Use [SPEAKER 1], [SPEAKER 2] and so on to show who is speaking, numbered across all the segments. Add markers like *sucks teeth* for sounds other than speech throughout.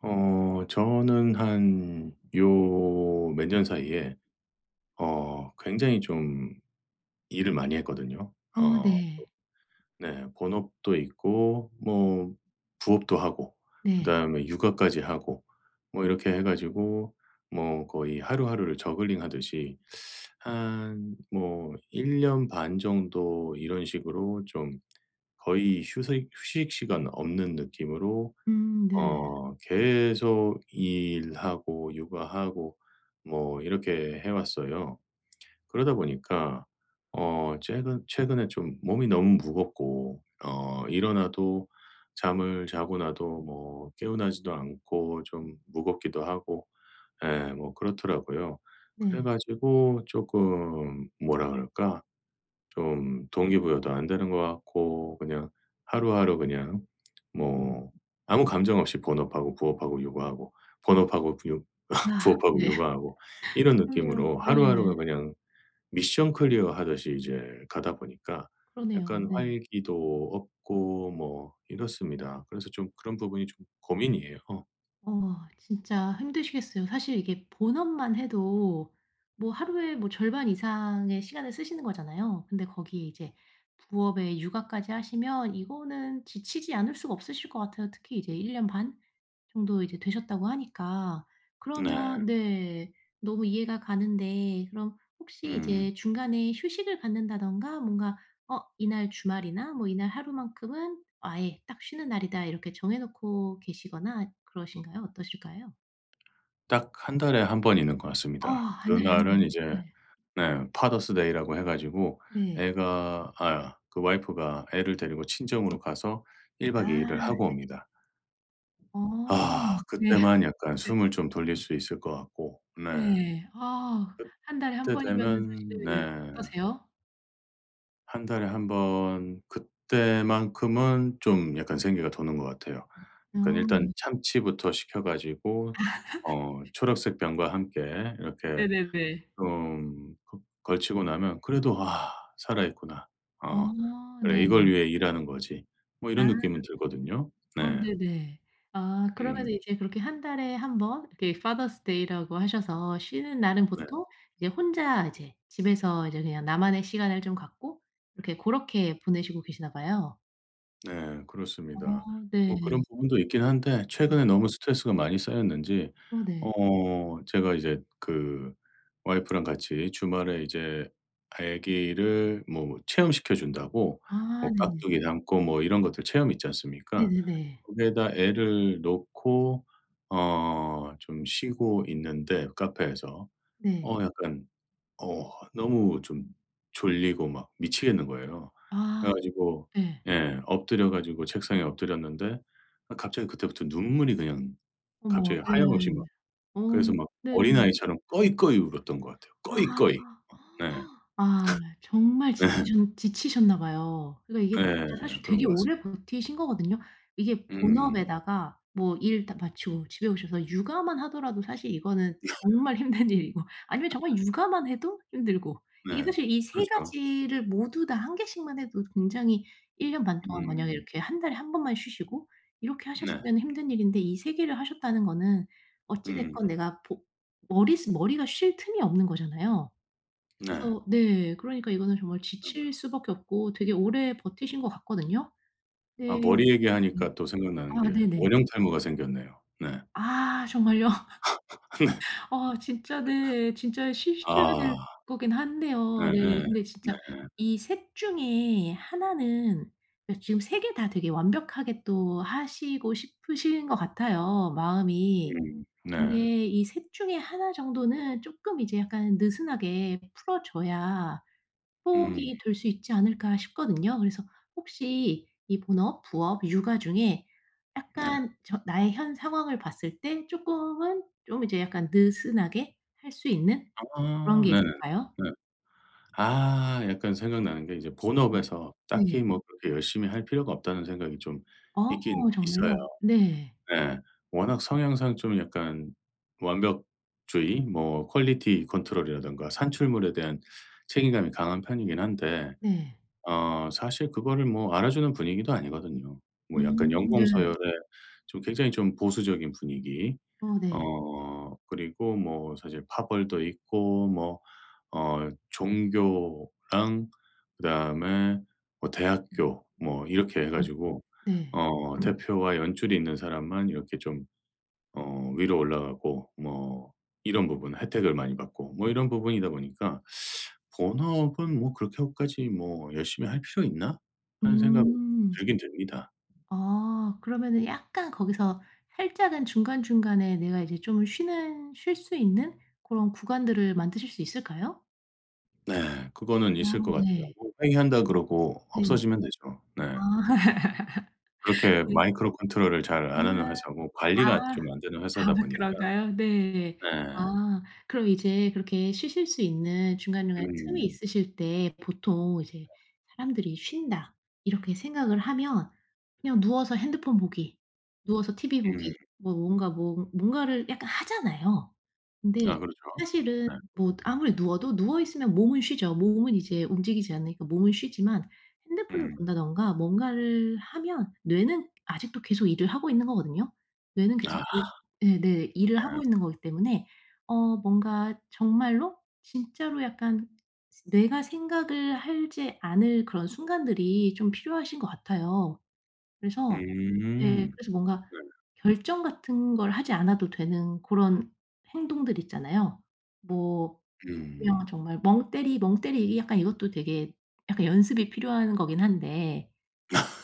[SPEAKER 1] 어 저는 한 요 몇 년 사이에 어 굉장히 좀 일을 많이 했거든요.
[SPEAKER 2] 어
[SPEAKER 1] 어.
[SPEAKER 2] 네.
[SPEAKER 1] 네 본업도 있고 뭐 부업도 하고
[SPEAKER 2] 네.
[SPEAKER 1] 그다음에 육아까지 하고 뭐 이렇게 해 가지고 뭐 거의 하루하루를 저글링하듯이 한 뭐 1 년 반 정도 이런 식으로 좀 거의 휴색 휴식 시간 없는 느낌으로
[SPEAKER 2] 음 네.
[SPEAKER 1] 어 계속 일하고 육아하고 뭐 이렇게 해 왔어요. 그러다 보니까 어 최근 최근에 좀 몸이 너무 무겁고 어 일어나도 잠을 자고 나도 뭐 개운하지도 않고 좀 무겁기도 하고 예 뭐 그렇더라고요. 그래
[SPEAKER 2] 네.
[SPEAKER 1] 가지고 쪼끔 뭐라 그럴까. 좀 동기부여도 안 되는 것 같고 그냥 하루하루 그냥 *smacks lips* 뭐 아무 감정 없이 본업하고 부업하고 육아하고 본업하고 부유 *laughs*
[SPEAKER 2] 아
[SPEAKER 1] 부업하고
[SPEAKER 2] 네.
[SPEAKER 1] 육아하고 이런
[SPEAKER 2] 그러면
[SPEAKER 1] 느낌으로
[SPEAKER 2] 네.
[SPEAKER 1] 하루하루가 그냥 미션 클리어하듯이 이제 가다 보니까
[SPEAKER 2] 그러네요.
[SPEAKER 1] 약간
[SPEAKER 2] 네.
[SPEAKER 1] 활기도 없고 뭐 이렇습니다. 그래서 좀 그런 부분이 좀 고민이에요.
[SPEAKER 2] 어. 진짜 힘드시겠어요. 사실 이게 본업만 해도 뭐 하루에 뭐 절반 이상의 시간을 쓰시는 거잖아요. 근데 거기에 이제 부업에 육아까지 하시면 이거는 지치지 않을 수가 없으실 것 같아요. 특히 이제 1 년 반 정도 이제 되셨다고 하니까.
[SPEAKER 1] 네.
[SPEAKER 2] 그러면 네 너무 이해가 가는데 그럼 혹시
[SPEAKER 1] 음.
[SPEAKER 2] 이제 중간에 휴식을 갖는다든가 뭔가 '어 이날 주말이나 뭐 이날 하루만큼은 아예 딱 쉬는 날이다.' 이렇게 정해 놓고 계시거나 그러신가요? 어떠실까요?
[SPEAKER 1] 딱 1 달에 1 번 있는 것
[SPEAKER 2] 어
[SPEAKER 1] 같습니다.
[SPEAKER 2] 1 달에 1
[SPEAKER 1] 그날은
[SPEAKER 2] 번.
[SPEAKER 1] 이제
[SPEAKER 2] 네.
[SPEAKER 1] 네 파더스 데이 라고 해 가지고
[SPEAKER 2] 네.
[SPEAKER 1] 애가 아 그 와이프가 애를 데리고 친정으로 가서 1
[SPEAKER 2] 아
[SPEAKER 1] 박 2 일을 하고
[SPEAKER 2] 네.
[SPEAKER 1] 옵니다.
[SPEAKER 2] 어.
[SPEAKER 1] 아.
[SPEAKER 2] 네.
[SPEAKER 1] 그때만 약간
[SPEAKER 2] 네.
[SPEAKER 1] 숨을 좀 돌릴 수 있을 것 같고 네.
[SPEAKER 2] 네. 아 1 달에 1
[SPEAKER 1] 그때
[SPEAKER 2] 번 이면은
[SPEAKER 1] 되면 네.
[SPEAKER 2] 사실 어떠세요?
[SPEAKER 1] 1 달에 1 번 그때만큼은 좀 약간 생기가 도는 것 같아요.
[SPEAKER 2] 아
[SPEAKER 1] 그러니까
[SPEAKER 2] 네.
[SPEAKER 1] 일단 참치부터 시켜 가지고 어
[SPEAKER 2] *laughs*
[SPEAKER 1] 초록색 병과 함께 이렇게
[SPEAKER 2] 네네네.
[SPEAKER 1] 좀 그 걸치고 나면 그래도 '아 살아있구나.
[SPEAKER 2] 어.
[SPEAKER 1] 어 그래
[SPEAKER 2] 네.
[SPEAKER 1] 이걸 위해 일하는 거지.' 뭐
[SPEAKER 2] 아.
[SPEAKER 1] 이런 느낌은 들거든요.
[SPEAKER 2] 어
[SPEAKER 1] 네.
[SPEAKER 2] 네네. 아
[SPEAKER 1] 음.
[SPEAKER 2] 그러면은 이제 그렇게 1 달에 1 번 이렇게 파더스 데이 라고 하셔서 쉬는 날은
[SPEAKER 1] 네.
[SPEAKER 2] 보통 이제 혼자 이제 집에서 이제 그냥 나만의 시간을 좀 갖고 이렇게 고렇게 보내시고 계시나 봐요.
[SPEAKER 1] 네. 그렇습니다.
[SPEAKER 2] 어 네.
[SPEAKER 1] 뭐 그런 부분도 있긴 한데
[SPEAKER 2] 음.
[SPEAKER 1] 최근에 너무 스트레스가 많이 쌓였는지
[SPEAKER 2] 어 네.
[SPEAKER 1] 어 제가 이제 그 와이프랑 같이 주말에 이제 아기를 뭐 체험시켜 준다고
[SPEAKER 2] 아
[SPEAKER 1] 뭐
[SPEAKER 2] 네네.
[SPEAKER 1] 깍두기 담고 뭐 이런 것들 체험 있지 않습니까?
[SPEAKER 2] 네네네.
[SPEAKER 1] 거기에다 애를 놓고 어 좀 쉬고 있는데 카페에서.
[SPEAKER 2] 네.
[SPEAKER 1] 어 약간 어 너무 좀 졸리고 막 미치겠는 거예요.
[SPEAKER 2] 아.
[SPEAKER 1] 그래 가지고
[SPEAKER 2] 예.
[SPEAKER 1] 예 엎드려 가지고 책상에 엎드렸는데 아 갑자기 그때부터 눈물이 그냥
[SPEAKER 2] 어머.
[SPEAKER 1] 갑자기
[SPEAKER 2] 네.
[SPEAKER 1] 하염없이 막
[SPEAKER 2] 어.
[SPEAKER 1] 그래서 막
[SPEAKER 2] 네.
[SPEAKER 1] 어린아이처럼 꺼이꺼이 울었던 것 같아요
[SPEAKER 2] 아.
[SPEAKER 1] 꺼이꺼이.
[SPEAKER 2] *gasps*
[SPEAKER 1] 네.
[SPEAKER 2] 아 정말
[SPEAKER 1] *laughs* 네.
[SPEAKER 2] 지치셨 지치셨나 봐요. 그러니까
[SPEAKER 1] 네.
[SPEAKER 2] 이게 진짜 사실
[SPEAKER 1] 그런
[SPEAKER 2] 되게
[SPEAKER 1] 것 같습니다.
[SPEAKER 2] 오래 버티신 거거든요. 이게
[SPEAKER 1] 음.
[SPEAKER 2] 본업에다가 뭐 일 딱 마치고 집에 오셔서 육아만 하더라도 사실 이거는
[SPEAKER 1] *laughs*
[SPEAKER 2] 정말 힘든 일이고 아니면
[SPEAKER 1] *laughs*
[SPEAKER 2] 정말 육아만 해도 힘들고. 이게
[SPEAKER 1] 네.
[SPEAKER 2] 사실 이 3
[SPEAKER 1] 그렇죠.
[SPEAKER 2] 가지를 모두 다 1 개씩만 해도 굉장히 1 년 반 동안 만약에
[SPEAKER 1] 음.
[SPEAKER 2] 이렇게 1 달에 1 번만 쉬시고 이렇게
[SPEAKER 1] 네.
[SPEAKER 2] 하셨으면은 힘든 일인데 이 3 개를 하셨다는 거는 어찌
[SPEAKER 1] 음.
[SPEAKER 2] 됐건 내가 보 머리스 머리가 쉴 틈이 없는 거잖아요.
[SPEAKER 1] 네.
[SPEAKER 2] 그래서 네 그러니까 이거는 정말
[SPEAKER 1] 음.
[SPEAKER 2] 지칠 수밖에 없고 되게 오래 버티신 것 같거든요.
[SPEAKER 1] 아
[SPEAKER 2] 네.
[SPEAKER 1] 머리
[SPEAKER 2] 네.
[SPEAKER 1] 얘기하니까 또 생각나는
[SPEAKER 2] 아
[SPEAKER 1] 게
[SPEAKER 2] 네네.
[SPEAKER 1] 원형 탈모가 생겼네요. 네.
[SPEAKER 2] 아 정말요? *laughs*
[SPEAKER 1] *laughs* 네. *laughs*
[SPEAKER 2] 아 진짜 네 진짜 쉬셔야
[SPEAKER 1] 아.
[SPEAKER 2] 될 거긴 한데요. 네.
[SPEAKER 1] 예예.
[SPEAKER 2] 근데 진짜
[SPEAKER 1] 네.
[SPEAKER 2] 이 3 중에 1 는 그러니까 지금 3 개 다 되게 완벽하게 또 하시고 싶으신 것 같아요 마음이.
[SPEAKER 1] 음. 네.
[SPEAKER 2] 근데 '이 3 중에 1 정도는 쪼끔 이제 약간 느슨하게 풀어 줘야
[SPEAKER 1] 음.
[SPEAKER 2] 호흡이 될 수 있지 않을까.' 싶거든요. 그래서 혹시 이 본업, 부업, 육아 중에
[SPEAKER 1] 네.
[SPEAKER 2] 약간 전 나의 현 상황을 봤을 때 쪼끔은 좀 이제 약간 느슨하게 할 수 있는 그런
[SPEAKER 1] 아.
[SPEAKER 2] 게
[SPEAKER 1] 네네.
[SPEAKER 2] 있을까요?
[SPEAKER 1] 네. 아. 약간 생각나는 게 이제
[SPEAKER 2] 음.
[SPEAKER 1] 본업에서
[SPEAKER 2] 네.
[SPEAKER 1] '딱히 뭐 그렇게 열심히 할 필요가 없다.'는 생각이 좀
[SPEAKER 2] 아
[SPEAKER 1] 있긴
[SPEAKER 2] 정말요?
[SPEAKER 1] 있어요.
[SPEAKER 2] 네.
[SPEAKER 1] 네. 워낙 성향상 좀 약간 완벽주의 뭐 퀄리티 컨트롤 이라든가 산출물에 대한 책임감이 강한 편이긴 한데
[SPEAKER 2] 네.
[SPEAKER 1] 어 사실 그거를 뭐 알아주는 분위기도 아니거든요. 뭐 약간
[SPEAKER 2] 음 네.
[SPEAKER 1] 연공서열의 좀 굉장히 좀 보수적인 분위기.
[SPEAKER 2] 어 네.
[SPEAKER 1] 어 그리고 뭐 사실 파벌도 있고 뭐 어 종교랑 그다음에 뭐 대학교 뭐 이렇게 해
[SPEAKER 2] 어 네.
[SPEAKER 1] 가지고
[SPEAKER 2] 네.
[SPEAKER 1] 어 대표와 연줄이 있는 사람만 이렇게 좀 어 위로 올라가고 뭐 이런 부분 혜택을 많이 받고 뭐 이런 부분이다 보니까 *sucks teeth* '본업은 뭐 그렇게까지 뭐 열심히 할 필요 있나?' 하는 생각이
[SPEAKER 2] 음.
[SPEAKER 1] 들긴 듭니다.
[SPEAKER 2] 아. 그러면은 약간 거기서 살짝은 중간중간에 내가 이제 좀 쉬는 쉴 수 있는 고런 구간들을 만드실 수 있을까요?
[SPEAKER 1] 네. 그거는
[SPEAKER 2] 아
[SPEAKER 1] 있을 것 같아요.
[SPEAKER 2] 네.
[SPEAKER 1] 뭐 회의한다 그러고
[SPEAKER 2] 네.
[SPEAKER 1] 없어지면 되죠.
[SPEAKER 2] 아.
[SPEAKER 1] 네.
[SPEAKER 2] *laughs*
[SPEAKER 1] 그렇게
[SPEAKER 2] 네.
[SPEAKER 1] 마이크로 컨트롤을 잘
[SPEAKER 2] 으아.
[SPEAKER 1] 안 하는 회사고 관리가
[SPEAKER 2] 아.
[SPEAKER 1] 좀 안 되는
[SPEAKER 2] 아
[SPEAKER 1] 회사다 보니까
[SPEAKER 2] 그런가요? 네.
[SPEAKER 1] 네.
[SPEAKER 2] 아 그럼 이제 그렇게 쉬실 수 있는 중간중간에 틈이
[SPEAKER 1] 음.
[SPEAKER 2] 있으실 때 보통 이제 사람들이 '쉰다.' 이렇게 생각을 하면 그냥 누워서 핸드폰 보기, 누워서 티비
[SPEAKER 1] 음.
[SPEAKER 2] 보기 뭐 뭔가 뭐 뭔가를 약간 하잖아요. 근데
[SPEAKER 1] 아 그렇죠.
[SPEAKER 2] 사실은
[SPEAKER 1] 예.
[SPEAKER 2] 뭐 아무리 누워도 누워 있으면 몸은 쉬죠. 몸은 이제 움직이지 않으니까 몸은 쉬지만 핸드폰을
[SPEAKER 1] 음.
[SPEAKER 2] 본다든가 뭔가를 하면 뇌는 아직도 계속 일을 하고 있는 거거든요. 뇌는 계속
[SPEAKER 1] 아.
[SPEAKER 2] 예 네네 일을
[SPEAKER 1] 예.
[SPEAKER 2] 하고 있는 거기 때문에 어 뭔가 정말로 진짜로 약간 뇌가 생각을 하지 않을 그런 순간들이 좀 필요하신 것 같아요. 그래서 네
[SPEAKER 1] 음.
[SPEAKER 2] 그래서 뭔가
[SPEAKER 1] 네.
[SPEAKER 2] 결정 같은 걸 하지 않아도 되는 고런 행동들 있잖아요. 뭐
[SPEAKER 1] 음.
[SPEAKER 2] 그냥 정말 멍때리 멍때리기 약간 이것도 되게 약간 연습이 필요한 거긴 한데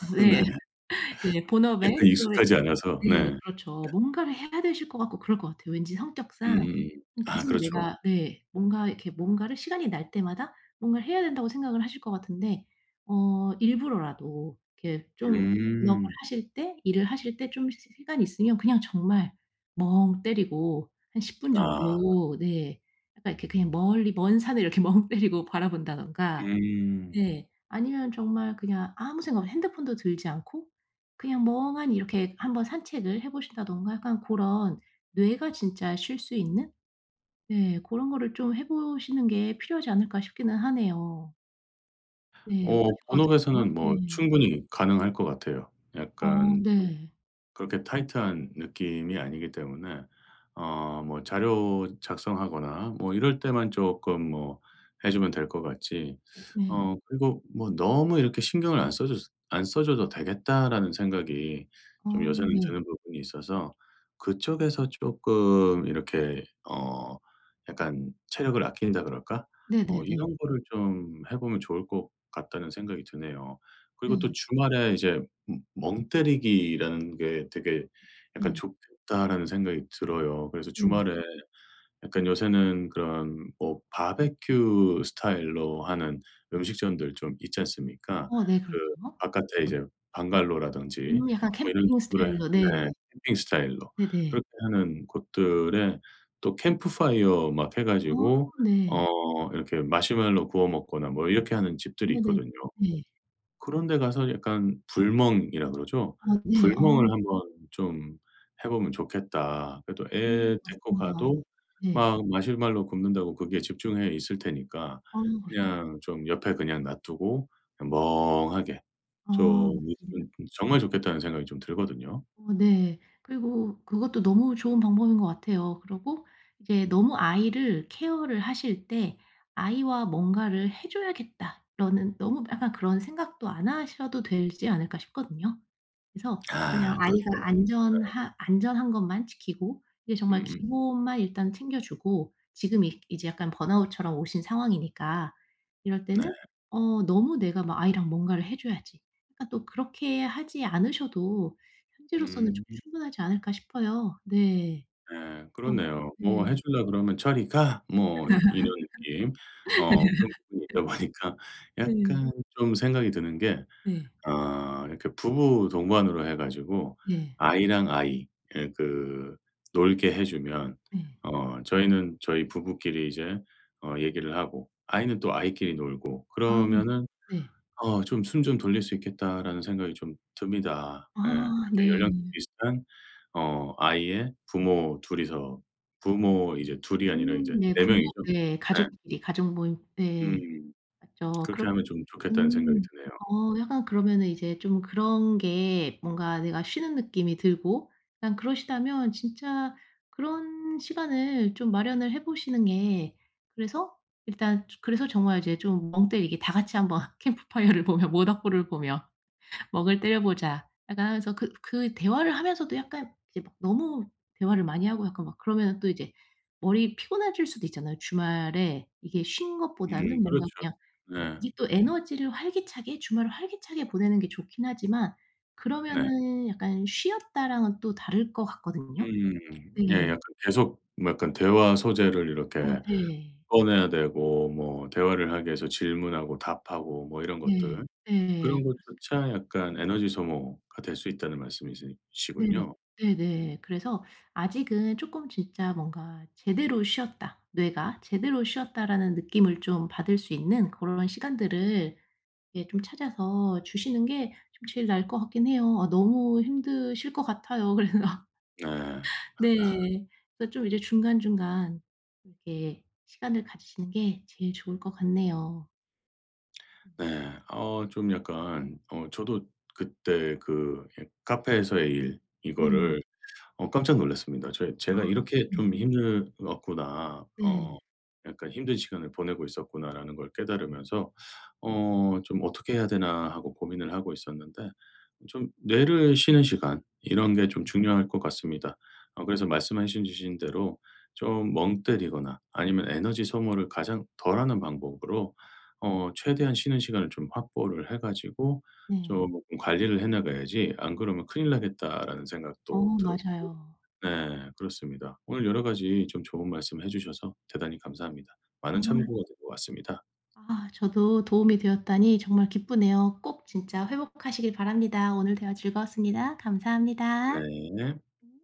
[SPEAKER 2] 뭐
[SPEAKER 1] 네.
[SPEAKER 2] 예. *laughs* 네.
[SPEAKER 1] 예
[SPEAKER 2] 본업에
[SPEAKER 1] 그
[SPEAKER 2] 우리
[SPEAKER 1] 익숙하지 않아서.
[SPEAKER 2] 네.
[SPEAKER 1] 네.
[SPEAKER 2] 그렇죠. 뭔가를 해야 되실 것 같고 그럴 것 같아요. 왠지 성격상
[SPEAKER 1] 음.
[SPEAKER 2] 뭐
[SPEAKER 1] 아
[SPEAKER 2] 계속
[SPEAKER 1] 그렇죠.
[SPEAKER 2] 내가 네 뭔가 이렇게 뭔가를 '시간이 날 때마다 뭔가를 해야 된다.'고 생각을 하실 것 같은데 어 일부러라도 이렇게 좀 본업을
[SPEAKER 1] 음.
[SPEAKER 2] 하실 때 일을 하실 때 좀 시 시간이 있으면 그냥 정말 멍때리고 한 10 분
[SPEAKER 1] 아.
[SPEAKER 2] 정도 네 약간 이렇게 그냥 멀리 먼 산을 이렇게 멍때리고 바라 본다든가
[SPEAKER 1] 음.
[SPEAKER 2] 네 아니면 정말 그냥 아무 생각 없이 핸드폰도 들지 않고 그냥 멍하니 이렇게 한번 산책을 해 보신다든가 약간 고런 '뇌가 진짜 쉴 수 있는 네 고런 거를 좀 해 보시는 게 필요하지 않을까.' 싶기는 하네요. 네. 어떠실
[SPEAKER 1] 어
[SPEAKER 2] 것 같으세요?
[SPEAKER 1] 본업에서는 뭐
[SPEAKER 2] 네.
[SPEAKER 1] 충분히 가능할 것 같아요.
[SPEAKER 2] 어
[SPEAKER 1] 약간 좀
[SPEAKER 2] 네.
[SPEAKER 1] 그렇게 타이트한 느낌이 아니기 때문에 어 뭐 자료 작성하거나 뭐 이럴 때만 쪼끔 뭐 해 주면 될 것 같지.
[SPEAKER 2] 네.
[SPEAKER 1] 어 그리고 뭐 '너무 이렇게 신경을 안 써 줘서 안 써 줘도 되겠다.'라는 생각이
[SPEAKER 2] 아
[SPEAKER 1] 좀 요새는
[SPEAKER 2] 네.
[SPEAKER 1] 드는 부분이 있어서 '그쪽에서 쪼끔 이렇게 어 약간 체력을 아낀다 그럴까? 뭐
[SPEAKER 2] 네네네.
[SPEAKER 1] 이런 거를 좀 해 보면 좋을 것 같다.'는 생각이 드네요. 그리고 또
[SPEAKER 2] 네.
[SPEAKER 1] '주말에 이제 머 멍때리기라는 게 되게 약간
[SPEAKER 2] 네.
[SPEAKER 1] 좋겠다.'라는 생각이 들어요. 그래서
[SPEAKER 2] 네.
[SPEAKER 1] 주말에 약간 요새는 그런 뭐 바베큐 스타일로 하는 음식점들 좀 있지 않습니까.
[SPEAKER 2] 어 네.
[SPEAKER 1] 그
[SPEAKER 2] 그렇죠.
[SPEAKER 1] 바깥에 이제 방갈로라든지
[SPEAKER 2] 음 약간
[SPEAKER 1] 뭐 이런
[SPEAKER 2] 캠핑
[SPEAKER 1] 식으로 해
[SPEAKER 2] 스타일로 네.
[SPEAKER 1] 네 캠핑 스타일로.
[SPEAKER 2] 네네.
[SPEAKER 1] 그렇게 하는 곳들에 또 캠프파이어 막 해
[SPEAKER 2] 아
[SPEAKER 1] 가지고
[SPEAKER 2] 네.
[SPEAKER 1] 어 이렇게 마시멜로 구워 먹거나 뭐 이렇게 하는
[SPEAKER 2] 아
[SPEAKER 1] 집들이
[SPEAKER 2] 네.
[SPEAKER 1] 있거든요.
[SPEAKER 2] 네.
[SPEAKER 1] 그런데 가서 약간 불멍이라 그러죠.
[SPEAKER 2] 어 네.
[SPEAKER 1] '불멍을
[SPEAKER 2] 어.
[SPEAKER 1] 한번 좀 해 보면 좋겠다.' 그리고 또
[SPEAKER 2] 아
[SPEAKER 1] 애 데리고
[SPEAKER 2] 맞습니다.
[SPEAKER 1] 가도
[SPEAKER 2] 네.
[SPEAKER 1] 막 마시멜로 굽는다고 거기에 집중해 있을 테니까
[SPEAKER 2] 아 그렇죠.
[SPEAKER 1] 그냥 좀 옆에 그냥 놔 두고 그냥 '멍하게
[SPEAKER 2] 아
[SPEAKER 1] 좀
[SPEAKER 2] 맞습니다.
[SPEAKER 1] 있으면 정말 좋겠다.'는 생각이 좀 들거든요.
[SPEAKER 2] 어 네. 그리고 그것도 너무 좋은 방법인 것 같아요. 그리고 이게 너무 아이를 케어를 하실 때 '아이와 뭔가를 해 줘야겠다.'라는 너무 약간 그런 생각도 안 하셔도 되지 않을까 싶거든요. 그래서 그냥
[SPEAKER 1] 아
[SPEAKER 2] 아이가
[SPEAKER 1] 그렇죠. 네.
[SPEAKER 2] 안전한 안전한 것만 지키고 이게 정말
[SPEAKER 1] 음음.
[SPEAKER 2] 기본만 일단 챙겨주고 지금 이 이제 약간 번아웃처럼 오신 상황이니까. 이럴
[SPEAKER 1] 네.
[SPEAKER 2] 때는 '어 너무 내가 막 아이랑 뭔가를 해 줘야지.' 그러니까 또 그렇게 하지 않으셔도 현재로서는
[SPEAKER 1] 음.
[SPEAKER 2] 좀 충분하지 않을까 싶어요. 네.
[SPEAKER 1] 예.
[SPEAKER 2] 어.
[SPEAKER 1] 그렇네요. 뭐
[SPEAKER 2] 네.
[SPEAKER 1] 해 주려고 그러면 "저리 가." 뭐 이런 느낌. 어 그런 부분이 있다
[SPEAKER 2] *laughs*
[SPEAKER 1] 보니까
[SPEAKER 2] 네.
[SPEAKER 1] 약간 좀 생각이 드는 게
[SPEAKER 2] 네.
[SPEAKER 1] 어 이렇게 부부 동반으로 해 가지고
[SPEAKER 2] 예.
[SPEAKER 1] 아이랑 아이 예 그 놀게 해 주면
[SPEAKER 2] 네.
[SPEAKER 1] 어 저희는 저희 부부끼리 이제 어 얘기를 하고 아이는 또 아이끼리 놀고
[SPEAKER 2] 아 그쵸.
[SPEAKER 1] 그러면은
[SPEAKER 2] 네.
[SPEAKER 1] 어 '좀 숨 좀 돌릴 수 있겠다.'라는 생각이 좀 듭니다. 예.
[SPEAKER 2] 아
[SPEAKER 1] 그렇게
[SPEAKER 2] 네.
[SPEAKER 1] 연령대 비슷한 어 아이의 부모 2 이서 부모 이제 2 이 아니라 인제
[SPEAKER 2] 음 네.
[SPEAKER 1] 4
[SPEAKER 2] 부모
[SPEAKER 1] 명이죠.
[SPEAKER 2] 예
[SPEAKER 1] 예.
[SPEAKER 2] 가족끼리 가족 모임 네.
[SPEAKER 1] 음.
[SPEAKER 2] 맞죠.
[SPEAKER 1] 그렇게
[SPEAKER 2] 그럼
[SPEAKER 1] 하면 좀 좋겠다는 생각이
[SPEAKER 2] 음.
[SPEAKER 1] 드네요.
[SPEAKER 2] 어 약간 그러면은 이제 좀 그런 게 뭔가 내가 쉬는 느낌이 들고 그냥 그러시다면 진짜 그런 시간을 좀 마련을 해 보시는 게 그래서 일단 조 그래서 정말 이제 좀 멍때리기 다 같이 한번 캠프파이어를 보며 모닥불을 보며 "멍을 때려보자." 약간 하면서 그 그 대화를 하면서도 약간 이제 너무 대화를 많이 하고 약간 막 그러면 또 이제 머리 피곤해질 수도 있잖아요. 주말에 이게 쉰
[SPEAKER 1] 음.
[SPEAKER 2] 것보다는
[SPEAKER 1] 그렇죠.
[SPEAKER 2] 뭔가 그냥
[SPEAKER 1] 네.
[SPEAKER 2] 이게 또 에너지를 활기차게 주말을 활기차게 보내는 게 좋긴 하지만
[SPEAKER 1] 네.
[SPEAKER 2] 그러면은 약간 '쉬었다.'랑은 또 다를 것 같거든요.
[SPEAKER 1] 음. 예
[SPEAKER 2] 네.
[SPEAKER 1] 약간 계속 약간 대화 소재를
[SPEAKER 2] 어
[SPEAKER 1] 이렇게
[SPEAKER 2] 네.
[SPEAKER 1] 꺼내야 되고 뭐 대화를 하기 위해서 질문하고 답하고 뭐 이런
[SPEAKER 2] 네.
[SPEAKER 1] 것들.
[SPEAKER 2] 네예.
[SPEAKER 1] 그런
[SPEAKER 2] 그렇습니다.
[SPEAKER 1] 것조차 약간 에너지 소모가 될 수 있다는 말씀이시
[SPEAKER 2] 네네.
[SPEAKER 1] 시군요.
[SPEAKER 2] 네네. 그래서 아직은 쪼끔 진짜 뭔가 '제대로 쉬었다 뇌가. 제대로 쉬었다.'라는 느낌을 좀 받을 수 있는 그런 시간들을 예 좀 찾아서 주시는 게 좀 제일 나을 것 같긴 해요. 아 너무 힘드실 것 같아요. 그래서
[SPEAKER 1] 네. *laughs*
[SPEAKER 2] 네 그래서 좀 이제 중간중간 이렇게 시간을 가지시는 게 제일 좋을 것 같네요.
[SPEAKER 1] 네. 어 좀 약간 어 저도 그때 그 예 카페에서의 일
[SPEAKER 2] 네.
[SPEAKER 1] 이거를 어 깜짝 놀랐습니다. '제
[SPEAKER 2] 아.
[SPEAKER 1] 제가 이렇게
[SPEAKER 2] 네.
[SPEAKER 1] 좀 힘들었구나.
[SPEAKER 2] 네.
[SPEAKER 1] 어. 약간 힘든 시간을 보내고 있었구나.'라는 걸 깨달으면서 '어 좀 어떻게 해야 되나.' 하고 고민을 하고 있었는데 좀 뇌를 쉬는 시간 이런 게 좀 중요할 것 같습니다. 어 그래서 말씀하신 주신 대로 좀 멍때리거나 아니면 에너지 소모를 가장 덜 하는 방법으로 어 최대한 쉬는 시간을 좀 확보를 해 가지고
[SPEAKER 2] 네.
[SPEAKER 1] 쪼끔 관리를 해 나가야지 '안 그러면 큰일 나겠다.'라는
[SPEAKER 2] 어
[SPEAKER 1] 생각도 들었고.
[SPEAKER 2] 맞아요.
[SPEAKER 1] 네. 그렇습니다. 오늘 여러 가지 좀 좋은 말씀을 해 주셔서 대단히 감사합니다.
[SPEAKER 2] 아.
[SPEAKER 1] 많은 참고가 될 것 같습니다.
[SPEAKER 2] 아 저도 도움이 되었다니 정말 기쁘네요. 꼭 진짜 회복하시길 바랍니다. 오늘 대화 즐거웠습니다. 감사합니다.
[SPEAKER 1] 네.
[SPEAKER 2] 음.